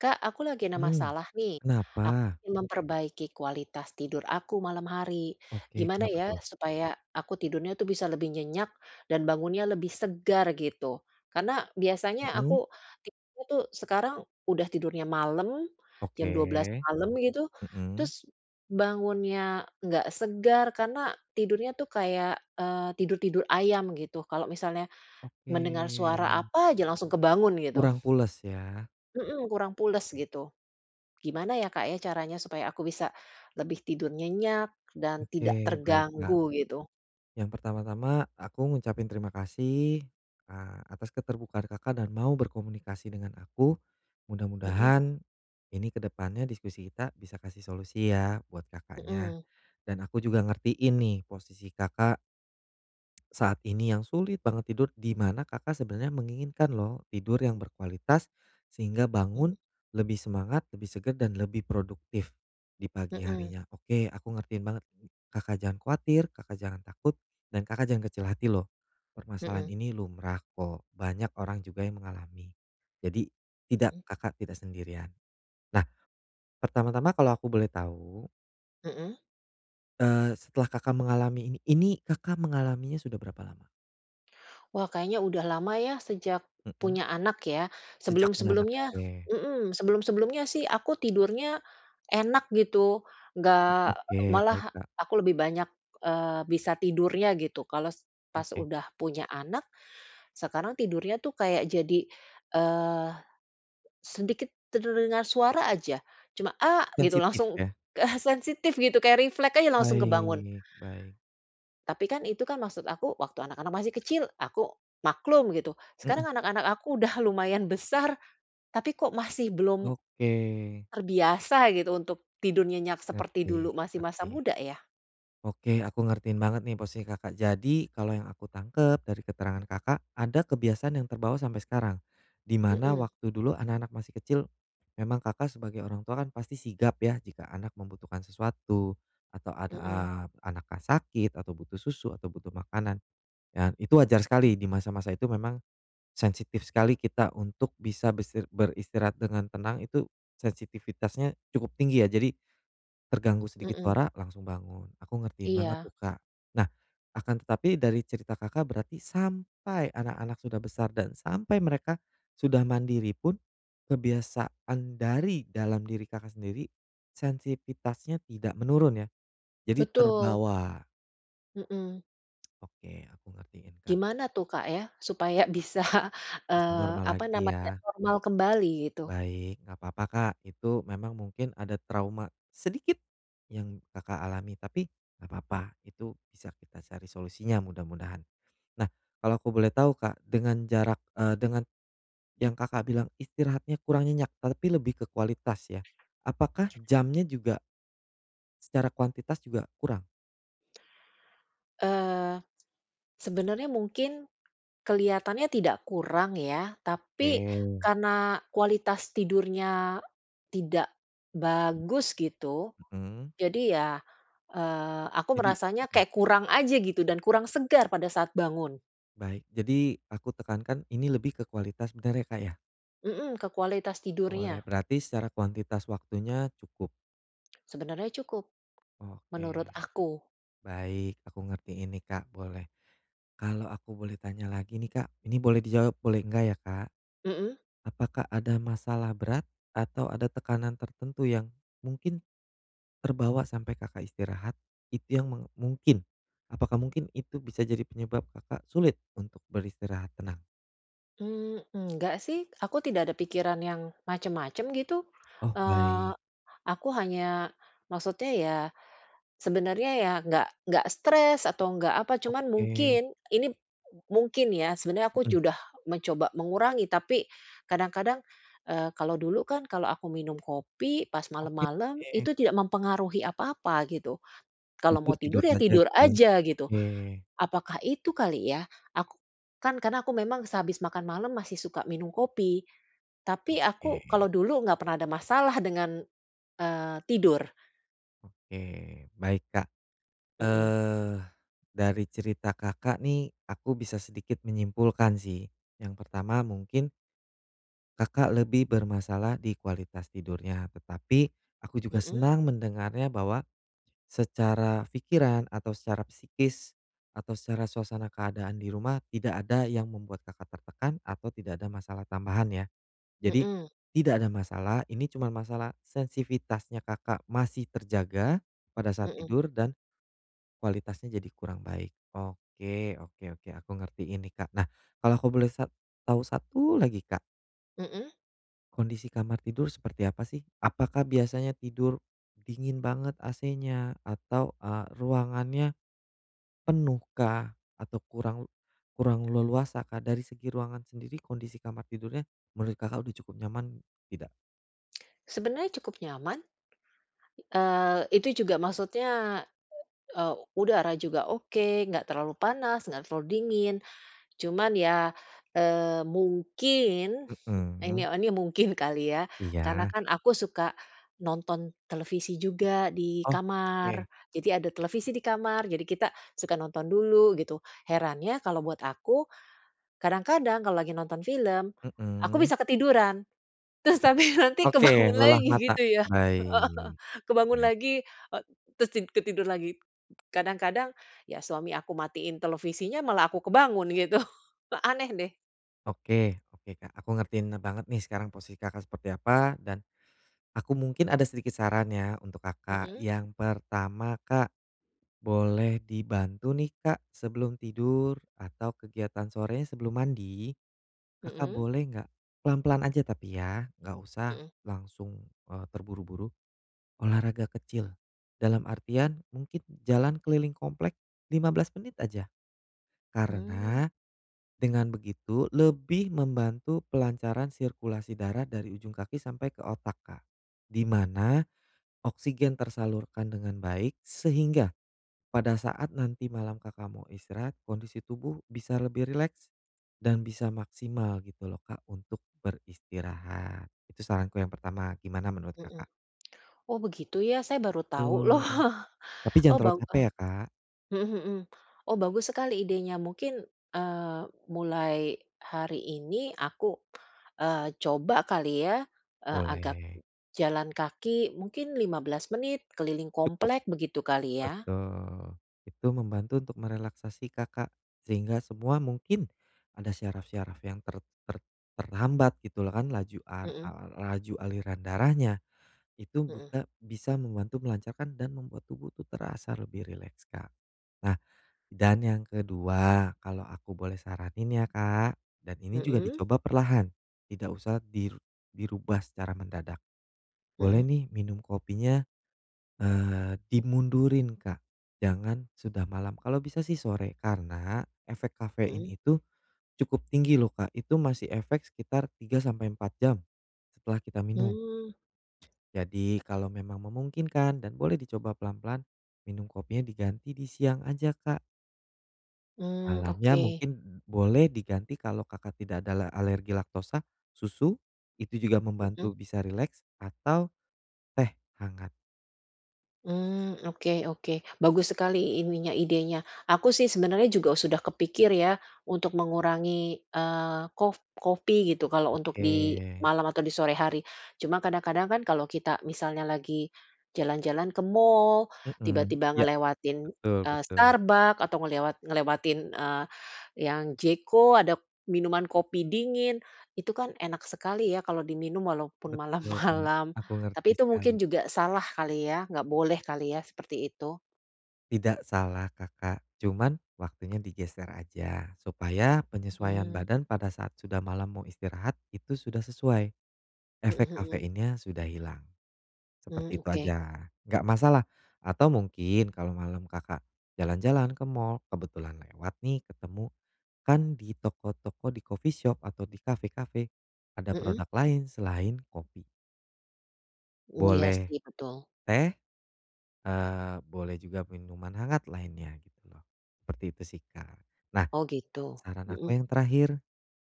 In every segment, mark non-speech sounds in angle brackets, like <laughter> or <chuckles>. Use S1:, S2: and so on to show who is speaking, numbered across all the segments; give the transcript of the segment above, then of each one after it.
S1: Kak, aku lagi ada
S2: Mmm.
S1: masalah, nih, aku
S2: Kenapa?
S1: memperbaiki kualitas tidur aku malam hari.
S2: Oke.
S1: Gimana
S2: Kenapa,
S1: ya
S2: tuh?
S1: supaya aku tidurnya itu bisa lebih nyenyak dan bangunnya lebih segar gitu? Karena biasanya aku
S2: Mhm.
S1: tipe, tuh, sekarang udah tidurnya malam, jam 12:00
S2: Oke.
S1: malam gitu.
S2: Mhm.
S1: Terus bangunnya nggak segar. Karena tidurnya itu kayak, eee, tidur-tidur ayam gitu. Kalau misalnya
S2: Oke.
S1: mendengar suara apa aja langsung kebangun gitu.
S2: Kurang pules, ya?
S1: Mhm, kurang pules
S2: Oke.
S1: gitu. Gimana, ya, Kak, ya, caranya supaya aku bisa lebih tidur nyenyak dan tidak
S2: Oke. Baik, Kak.
S1: terganggu gitu?
S2: Yang pertama-tama aku ngucapin terima kasih, eee, atas keterbukaan Kakak dan mau berkomunikasi dengan aku.
S1: Mhm.
S2: Mudah-mudahan ini ke depannya diskusi kita bisa kasih solusi, ya, buat Kakaknya.
S1: Mhm.
S2: Dan aku juga ngertiin posisi Kakak, saat ini yang sulit banget tidur di mana Kakak sebenarnya menginginkan lho, tidur yang berkualitas sehingga
S1: Mhm.
S2: bangun lebih semangat, lebih segar dan lebih produktif di pagi
S1: Mhm.
S2: harinya. Oke, aku ngertiin banget. Kakak jangan khawatir, Kakak jangan takut, dan Kakak jangan kecil hati loh. Permasalahan
S1: Mhm.
S2: ini lumrah, kok. Banyak orang juga yang mengalami. Jadi tidak
S1: Mhm.
S2: Kakak tidak sendirian. Nah. Pertama-tama kalau aku boleh tahu
S1: Heeh.
S2: Eee, setelah Kakak mengalami ini ini Kakak mengalaminya sudah berapa lama?
S1: Wah, kayaknya udah lama ya, sejak
S2: Mhm.
S1: punya anak ya,
S2: Sejak punya anak?
S1: sebelum-sebelumnya
S2: Oke.
S1: mhm, sebelum-sebelumnya sih, aku tidurnya enak gitu, enggak e
S2: Oke. Baik,
S1: malah
S2: Kak.
S1: aku lebih banyak, eee, bisa tidurnya gitu. Kalau se pas
S2: Oke.
S1: udah punya anak, sekarang tidurnya itu kayak jadi, eee, sedikit terdengar suara aja cuma "A", gitu
S2: Sensitif
S1: langsung
S2: ya?
S1: ah sensitif gitu kayak refleks aja langsung kebangun.
S2: Baik, baik.
S1: Tapi kan, itu kan, maksud aku waktu anak-anak masih kecil aku maklum gitu.
S2: Mhm.
S1: Sekarang anak-anak aku udah lumayan besar, tapi kok masih belum
S2: Oke.
S1: terbiasa gitu untuk tidur nyenyak seperti
S2: Ngerti,
S1: dulu masih masa
S2: ngerti.
S1: muda ya.
S2: Oke, aku ngertiin banget nih, posisi Kakak. Jadi, kalau yang aku tangkap dari keterangan Kakak ada kebiasaan yang terbawa sampai sekarang. Di mana
S1: Mhm.
S2: waktu dulu anak-anak masih kecil, memang Kakak sebagai orang tua kan pasti sigap ya, jika anak membutuhkan sesuatu atau an a
S1: Mhm.
S2: anaknya sakit atau butuh susu atau butuh makanan, dan itu wajar
S1: Huh.
S2: sekali di masa-masa itu memang sensitif sekali kita untuk bisa besir beristirahat dengan tenang itu, sensitivitasnya cukup tinggi ya. Jadi, terganggu sedikit
S1: Mhm.
S2: suara langsung bangun. Aku ngertiin banget
S1: Iya.
S2: tuh Kak. Nah, akan tetapi dari cerita Kakak berarti sampai anak-anak sudah besar dan sampai mereka sudah mandiri pun kebiasaan dari dalam diri Kakak sendiri sensitivitasnya tidak menurun ya? Jadi
S1: Betul.
S2: terbawa.
S1: Mmm.
S2: Oke, aku ngertiin, Kak.
S1: Gimana tuh, Kak, ya supaya bisa,
S2: Bisa
S1: eee,
S2: normal
S1: apa
S2: lagi
S1: namanya,
S2: ya.
S1: normal kembali gitu?
S2: Baik, nggak papa, Kak, itu memang mungkin ada trauma sedikit yang Kakak alami tapi nggak papa, itu bisa kita cari solusinya mudah-mudahan. Nah, kalau aku boleh tahu, Kak, dengan jarak eee, dengan yang Kakak bilang istirahatnya kurang nyenyak, tapi lebih ke kualitas ya. Apakah jamnya juga secara kuantitas juga kurang?
S1: Eee, sebenernya mungkin kelihatannya tidak kurang ya, tapi
S2: Oke.
S1: karena kualitas tidurnya tidak bagus gitu.
S2: Mmm.
S1: Jadi ya, eee, aku
S2: Jadi
S1: merasanya
S2: mmm.
S1: kayak kurang aja gitu dan kurang segar pada saat bangun.
S2: Baik. Jadi, aku tekankan ini lebih ke kualitas, bener ya, Kak, ya?
S1: Mmm, ke kualitas
S2: Boleh,
S1: tidurnya.
S2: berarti secara kuantitas waktunya cukup.
S1: Sebenernya cukup,
S2: Oke,
S1: menurut aku.
S2: baik. Aku ngertiin nih, Kak, boleh. Kalau aku boleh tanya lagi nih, Kak ini boleh dijawab, boleh enggak ya, Kak.
S1: Mmm.
S2: Apakah ada masalah berat atau ada tekanan tertentu yang mungkin terbawa sampai Kakak istirahat? Itu yang meng mungkin, apakah mungkin itu bisa jadi penyebab Kakak sulit untuk beristirahat tenang?
S1: Mmm, enggak sih, aku tidak ada pikiran yang macem-macem gitu,
S2: Oh,
S1: eee,
S2: baik.
S1: aku hanya maksudnya ya sebenernya ya nggak nggak stres atau nggak apa. Cuman
S2: Oke.
S1: mungkin ini m mungkin ya, sebenernya aku
S2: Mhm.
S1: sudah mencoba mengurangi, tapi kadang-kadang, eee, kalau dulu kan kalau aku minum kopi pas
S2: Oke.
S1: malem-malem itu tidak mempengaruhi apa-apa gitu, kalau
S2: Tidur
S1: mau tidur
S2: tidur
S1: ya
S2: saja
S1: tidur
S2: gitu ya?
S1: aja, gitu.
S2: Oke.
S1: Apakah itu kali ya? Aku kan karena aku memang sehabis makan malam masih suka minum kopi, tapi aku
S2: Oke.
S1: kalau dulu nggak pernah ada masalah dengan, eee, tidur.
S2: Oke, baik, Kak,
S1: Mhm.
S2: eh dari cerita Kakak nih aku bisa sedikit menyimpulkan sih, yang pertama mungkin Kakak lebih bermasalah di kualitas tidurnya, tetapi aku juga
S1: Mhm.
S2: senang mendengarnya bahwa secara pikiran atau secara psikis atau secara suasana keadaan di rumah, tidak ada yang membuat Kakak tertekan atau tidak ada masalah tambahan ya. Jadi
S1: Mhm.
S2: tidak ada masalah, ini cuman masalah sensivitasnya Kakak masih terjaga pada saat
S1: Mhm.
S2: tidur dan kualitasnya jadi kurang baik. Oke oke oke, aku ngertiin nih, Kak. Nah kalau aku boleh sa tahu satu lagi Kak
S1: Mhm.
S2: Kondisi kamar tidur seperti apa, sih? Apakah biasanya tidur, dingin banget AC-nya, atau, eee, ruangannya. penuh kah? Atau kurang kurang leluasa, kah? Dari segi ruangan sendiri kondisi kamar tidurnya, menurut Kakak sudah cukup nyaman tidak?
S1: Sebenernya cukup nyaman. Eee, itu juga maksudnya, e eee, udara juga oke, enggak terlalu panas, enggak terlalu dingin. Cuman ya, eee, mungkin
S2: Mhm,
S1: ini
S2: mmm.
S1: ini mungkin kali ya, karena
S2: Iya.
S1: kan aku suka nonton televisi juga di
S2: Oh, oke.
S1: kamar. Jadi, ada televisi di kamar, jadi kita suka nonton dulu, gitu. Herannya kalau buat aku, kadang-kadang kalau lagi nonton film, aku
S2: Mmm.
S1: bisa ketiduran. Terus, tapi nanti
S2: Oke,
S1: kebangun
S2: lelah
S1: lagi
S2: mata.
S1: gitu ya, heeh heeh.
S2: Baik.
S1: Kebangun
S2: Baik.
S1: lagi, e terus tid ketidur lagi. Kadang-kadang, ya, suami aku matiin televisinya, malah aku kebangun gitu. <chuckles> Aneh deh.
S2: Oke, oke, Kak, aku ngertiin ne banget nih sekarang posisi Kakak seperti apa, dan aku mungkin ada sedikit saran ya, untuk Kakak.
S1: Mhm.
S2: Yang pertama Kak, boleh dibantu nih Kak, sebelum tidur atau kegiatan sorenya sebelum mandi, Kakak
S1: Mhm.
S2: boleh enggak pelan-pelan aja tapi ya, enggak usah
S1: Mhm.
S2: langsung, eee, terburu-buru, olahraga kecil. Dalam artian, mungkin jalan keliling komplek 15 menit aja.
S1: Hmm.
S2: Karena, dengan begitu lebih membantu pelancaran sirkulasi darah dari ujung kaki sampai ke otak, Kak. Di mana oksigen tersalurkan dengan baik, sehingga pada saat nanti malam Kakak mau istirahat, kondisi tubuh bisa lebih rileks, dan bisa maksimal gitu loh Kak, untuk beristirahat. Itu saranku yang pertama. Gimana menurut
S1: Mhm.
S2: Kakak?
S1: Oh, begitu, ya? Saya baru tahu loh.
S2: Itu. Tapi jangan
S1: Oh,
S2: terlalu
S1: bau a
S2: capek ya, Kak.
S1: mhm mhm. Oh, bagus sekali idenya. Mungkin, eee, mulai hari ini aku, eee, coba kali ya, eee, agak
S2: Boleh.
S1: jalan kaki mungkin 15 menit keliling
S2: Cukup.
S1: komplek, begitu kali, ya?
S2: Betul. Itu membantu untuk merelaksasi Kakak, sehingga semua mungkin ada syaraf-syaraf yang ter ter terhambat gitu loh, kan laju ar
S1: Mhm.
S2: ar laju aliran darahnya. Itu
S1: Mhm.
S2: juga bisa membantu melancarkan dan membuat tubuh itu terasa lebih rileks, Kak. Nah, dan yang kedua, kalau aku boleh saranin ya, Kak dan ini juga
S1: Mhm.
S2: dicoba perlahan, tidak usah dir dirubah secara mendadak. Boleh
S1: Mhm.
S2: nih minum kopinya, eee, dimundurin, Kak, jangan sudah malam. Kalau bisa sih sore. Karena efek kafein
S1: Mhm.
S2: itu cukup tinggi loh, Kak. Itu masih efek sekitar 3, sampai 4 jam, setelah kita minum.
S1: Hmm.
S2: Jadi, kalau memang memungkinkan dan boleh dicoba pelan-pelan minum kopinya diganti di siang aja, Kak.
S1: Mmm,
S2: Malamnya
S1: oke.
S2: mungkin boleh diganti kalau Kakak tidak ada la alergi laktosa, susu, itu juga
S1: Mmm.
S2: membantu bisa rileks, atau teh hangat.
S1: Mmm. Oke oke. Bagus sekali ininya idenya. Aku sih sebenernya juga sudah kepikir ya untuk mengurangi, eee, kof kopi gitu kalau untuk di
S2: Oke.
S1: malam atau di sore hari. Cuma kadang-kadang kan kalau kita misalnya lagi jalan-jalan ke mall,
S2: Mmm.
S1: tiba-tiba
S2: Iya.
S1: ngelewatin,
S2: Betul
S1: eee,
S2: betul.
S1: Starbucks, atau ngelewat ngelewatin, eee, yang J.CO ada minuman kopi dingin. Itu kan enak sekali ya kalau diminum walaupun
S2: Betul, Kak.
S1: malam-malam.
S2: Aku ngerti
S1: Tapi itu
S2: sekali.
S1: mungkin juga salah kali ya, nggak boleh kali ya seperti itu?
S2: Tidak salah Kakak, cuman waktunya digeser aja. Supaya penyesuaian
S1: Mmm.
S2: badan pada saat sudah malam mau istirahat itu sudah sesuai, efek
S1: Mhm mhm.
S2: kafeinnya sudah hilang,
S1: Mmm.
S2: seperti itu
S1: Oke.
S2: aja. Enggak masalah atau mungkin kalau malam Kakak jalan-jalan ke mall kebetulan lewat nih ketemu, kan di toko-toko di coffee shop atau di kafe-kafe ada
S1: Mmm.
S2: produk lain selain kopi.
S1: Mmm, iya
S2: Boleh,
S1: sih, betul.
S2: teh, eee, boleh juga minuman hangat lainnya gitu loh. Seperti itu sih, Kak. Nah,
S1: Oh gitu.
S2: saran aku
S1: Mhm.
S2: yang terakhir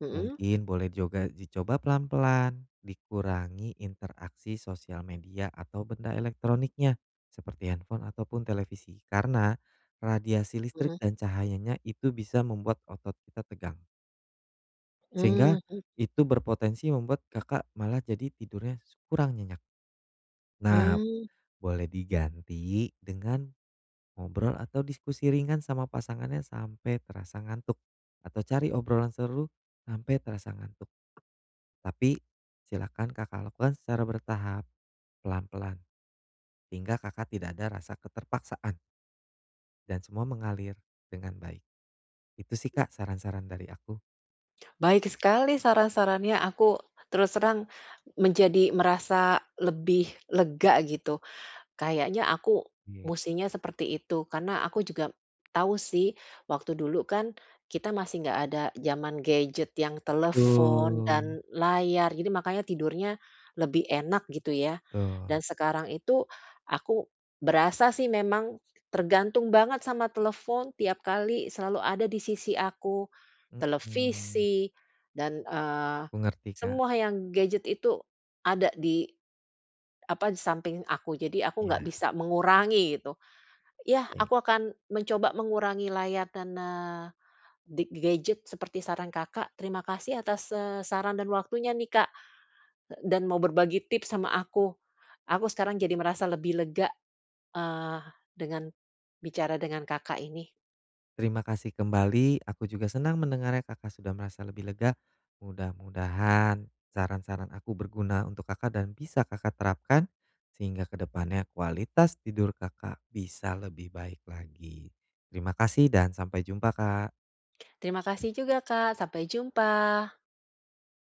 S1: Mhm.
S2: mungkin boleh juga dicoba pelan-pelan, dikurangi interaksi sosial media atau benda elektroniknya seperti handphone ataupun televisi. Karena radiasi listrik
S1: Mhm.
S2: dan cahayanya itu bisa membuat otot kita tegang. Sehingga
S1: Mmm, mhm.
S2: itu berpotensi membuat, Kakak malah jadi tidurnya s kurang nyenyak. Nah,
S1: Mmm.
S2: boleh diganti dengan ngobrol atau diskusi ringan sama pasangannya sampai terasa ngantuk, atau cari obrolan seru sampai terasa ngantuk. Tapi, silakan Kakak lakukan secara bertahap, pelan-pelan. Sehingga, Kakak tidak ada rasa keterpaksaan. Dan semua mengalir dengan baik. Itu sih, Kak, saran-saran dari aku.
S1: Baik sekali saran-sarannya, aku terus terang, menjadi merasa lebih lega gitu. Kayaknya aku
S2: Iya.
S1: mestinya seperti itu. Karena aku juga tahu sih waktu dulu kan, kita masih enggak ada zaman gadget yang telepon
S2: Betul.
S1: dan layar. Jadi makanya tidurnya lebih enak gitu ya. Dan
S2: Betul.
S1: sekarang itu, aku berasa sih memang tergantung banget sama telepon, tiap kali selalu ada di sisi aku,
S2: Mhm.
S1: televisi dan, eee,
S2: Aku ngerti Kak.
S1: semua yang gadget itu ada di, apa, di samping aku. Jadi aku enggak
S2: Iya.
S1: bisa mengurangi gitu. Yah,
S2: Baik.
S1: aku akan mencoba mengurangi layar dan, eee, di gadget seperti saran Kakak. Terima kasih atas, eee, saran dan waktunya nih, Kak, d dan mau berbagi tips sama aku. Aku sekarang jadi merasa lebih lega, eee, dengan bicara dengan Kakak ini.
S2: Terima kasih kembali. Aku juga senang mendengarnya, Kakak sudah merasa lebih lega. Mudah-mudahan saran-saran aku berguna untuk Kakak dan bisa Kakak terapkan, sehingga ke depannya kualitas tidur Kakak, bisa lebih baik lagi. Terima kasih dan sampai jumpa, Kak.
S1: Terima kasih juga Kak. Sampai jumpa.